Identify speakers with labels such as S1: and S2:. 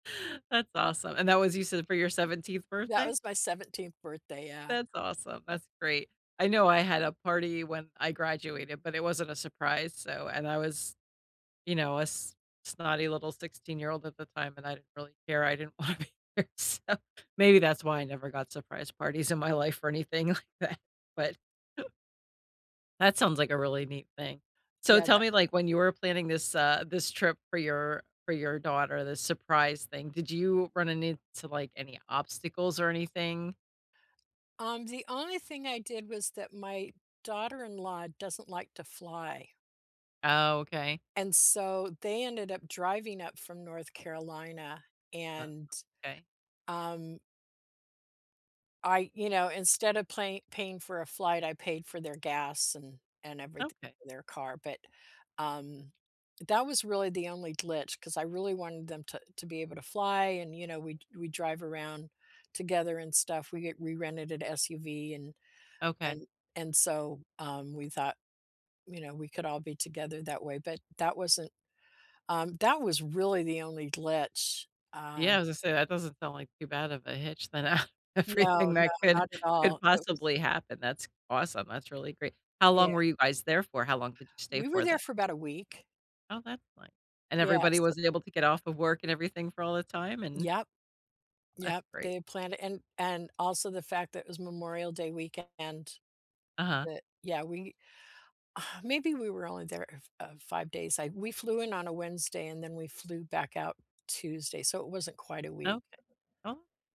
S1: That's awesome. And that was you said for your 17th
S2: That
S1: birthday?
S2: was my 17th birthday, yeah.
S1: That's awesome, that's great. I know I had a party when I graduated, but it wasn't a surprise so and I was, you know, a s snotty little sixteen-year-old at the time, and I didn't really care. I didn't want to be there. So, maybe that's why I never got surprise parties in my life or anything like that, but that sounds like a really neat thing. So,
S2: Yeah,
S1: tell
S2: th
S1: me, like, when you were planning this, uh, this trip for your for your daughter, the surprise thing. Did you run into like any obstacles or anything?
S2: Um, the only thing I did was that my daughter-in-law doesn't like to fly.
S1: Oh, okay.
S2: And, so, they ended up driving up from North Carolina
S1: Uh,
S2: and,
S1: okay.
S2: um I you know, instead of play paying for a flight, I paid for their gas and everyth
S1: Okay.
S2: their car, but, um that was really the only glitch 'cause I really wanted them t to be able to fly and, you know, we d we drive around together and stuff. We we rented an SUV and
S1: Okay.
S2: and and so, um, we thought, you know, we could all be together that way, but that wasn't um, that was really the only glitch, um
S1: Yeah, was gonna say, that doesn't sound like too bad of a hitch than, uh,
S2: No,
S1: everything that
S2: no,
S1: could
S2: not at all
S1: could
S2: it was
S1: possibly happen. That's awesome. That's really great. How long
S2: Yeah.
S1: were you guys there for? How long did you stay
S2: We were
S1: for then?
S2: there for about a week.
S1: Oh, that's fine. And
S2: Yeah,
S1: everybody
S2: so
S1: wasn't able to get off of work and everything for all the time, and
S2: Yep
S1: that's
S2: Yep,
S1: great.
S2: they had planned it, and and also the fact that it was Memorial Day weekend.
S1: Uh-huh.
S2: Th Yeah, we maybe we were only there, uh f uh, 5 days. I we flew in on a Wednesday and then we flew back out Tuesday so, it wasn't quite a week.
S1: Okay. Oh